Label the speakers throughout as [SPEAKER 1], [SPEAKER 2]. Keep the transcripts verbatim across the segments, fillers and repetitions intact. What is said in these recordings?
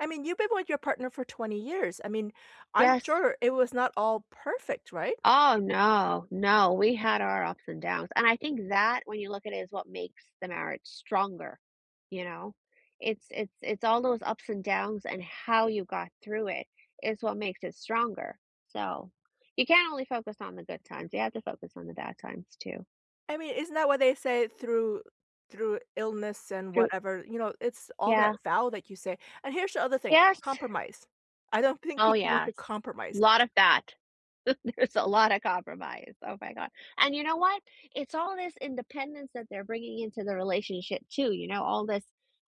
[SPEAKER 1] I mean, you've been with your partner for twenty years, I mean, I'm
[SPEAKER 2] Yes.
[SPEAKER 1] sure it was not all perfect, right?
[SPEAKER 2] Oh, no, no, we had our ups and downs, and I think that, when you look at it is what makes the marriage stronger, you know, it's it's it's all those ups and downs, and how you got through it, is what makes it stronger. So, you can't only focus on the good times, you have to focus on the bad times, too.
[SPEAKER 1] I mean, isn't that what they say through through illness and
[SPEAKER 2] Through
[SPEAKER 1] whatever, you know, it's all that
[SPEAKER 2] Yeah.
[SPEAKER 1] vow that you say. And, here's the other thing,
[SPEAKER 2] Yes.
[SPEAKER 1] compromise. I don't think
[SPEAKER 2] Oh,
[SPEAKER 1] people want to
[SPEAKER 2] yes.
[SPEAKER 1] compromise.
[SPEAKER 2] Lot of that. There's a lotta compromise. Oh my god, and, you know what? It's all this independence that they're bringing into the relationship, too, you know, all this,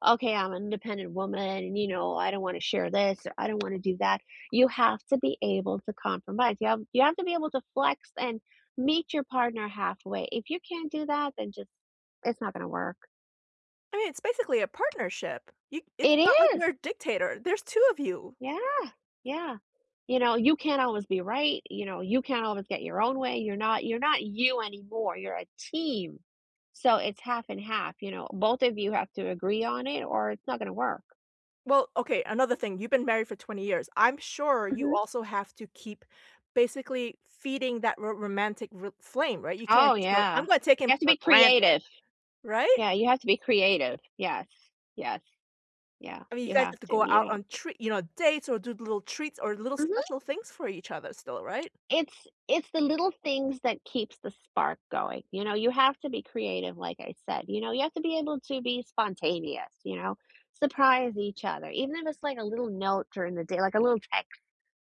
[SPEAKER 2] "Okay. I'm an independent woman, and, you know, I don't wanna share this, or I don't wanna do that," you have to be able to compromise, you have you have to be able to flex, and meet your partner halfway. If you can't do that, then, just it's not gonna work.
[SPEAKER 1] I mean, it's basically a partnership. You It's
[SPEAKER 2] It
[SPEAKER 1] not like
[SPEAKER 2] is!
[SPEAKER 1] you're a dictator, there's two of you.
[SPEAKER 2] Yeah, yeah. You know, you can't always be right, you know, you can't always get your own way, you're not you're not you anymore, you're a team, so it's half and half, you know? Both of you have to agree on it or it's not gonna work.
[SPEAKER 1] Well, okay, another thing, you've been married for twenty years. I'm sure you
[SPEAKER 2] Mhm.
[SPEAKER 1] also have to keep, basically, feeding that ro romantic r flame, right? You can't
[SPEAKER 2] Oh,
[SPEAKER 1] just go,
[SPEAKER 2] yeah,
[SPEAKER 1] "I'm gonna take
[SPEAKER 2] you
[SPEAKER 1] him
[SPEAKER 2] have to
[SPEAKER 1] for
[SPEAKER 2] be
[SPEAKER 1] granted,"
[SPEAKER 2] creative.
[SPEAKER 1] right?
[SPEAKER 2] Yeah, you have to be creative. Yes, yes. Yeah,
[SPEAKER 1] I mean, you
[SPEAKER 2] you
[SPEAKER 1] guys
[SPEAKER 2] have
[SPEAKER 1] have to
[SPEAKER 2] to,
[SPEAKER 1] go
[SPEAKER 2] you
[SPEAKER 1] out
[SPEAKER 2] know.
[SPEAKER 1] on treat you know, dates, or do little treats, or little
[SPEAKER 2] Mhm.
[SPEAKER 1] special things for each other still, right?
[SPEAKER 2] It's it's the little things that keeps the spark going, you know? You have to be creative, like I said, you know, you have to be able to be spontaneous, you know, surprise each other, even if it's, like, a little note during the day, like, a little text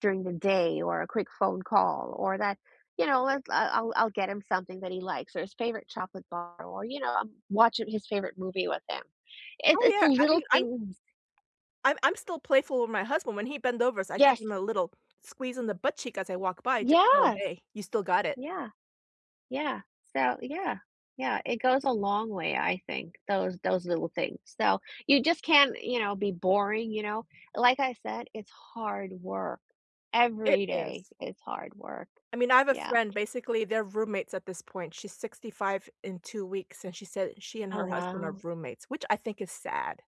[SPEAKER 2] during the day, or a quick phone call, or that You know, let's I'll I'll I'll get him something that he likes, or his favorite chocolate bar or, you know, I'm watching his favorite movie with him. It's
[SPEAKER 1] Oh,
[SPEAKER 2] it's the
[SPEAKER 1] yeah, I mean,
[SPEAKER 2] little
[SPEAKER 1] I'm
[SPEAKER 2] things
[SPEAKER 1] I'm I'm still playful with my husband. When he bend overs, I give
[SPEAKER 2] Yes.
[SPEAKER 1] him a little squeeze on the butt cheek as I walk by just to go,
[SPEAKER 2] Yes!
[SPEAKER 1] "Hey, you still got it."
[SPEAKER 2] Yeah, yeah, so Yeah, yeah, it goes a long way, I think, those those little things. So you just can't, you know, be boring, you know, like I said, it's hard work,
[SPEAKER 1] It
[SPEAKER 2] every day,
[SPEAKER 1] is.
[SPEAKER 2] it's hard work.
[SPEAKER 1] I mean, I have a
[SPEAKER 2] Yeah.
[SPEAKER 1] friend, basically, they're roommates at this point. She's sixty-five in two weeks, and she said she and
[SPEAKER 2] Oh,
[SPEAKER 1] her husband are
[SPEAKER 2] wow.
[SPEAKER 1] roommates, which I think is sad.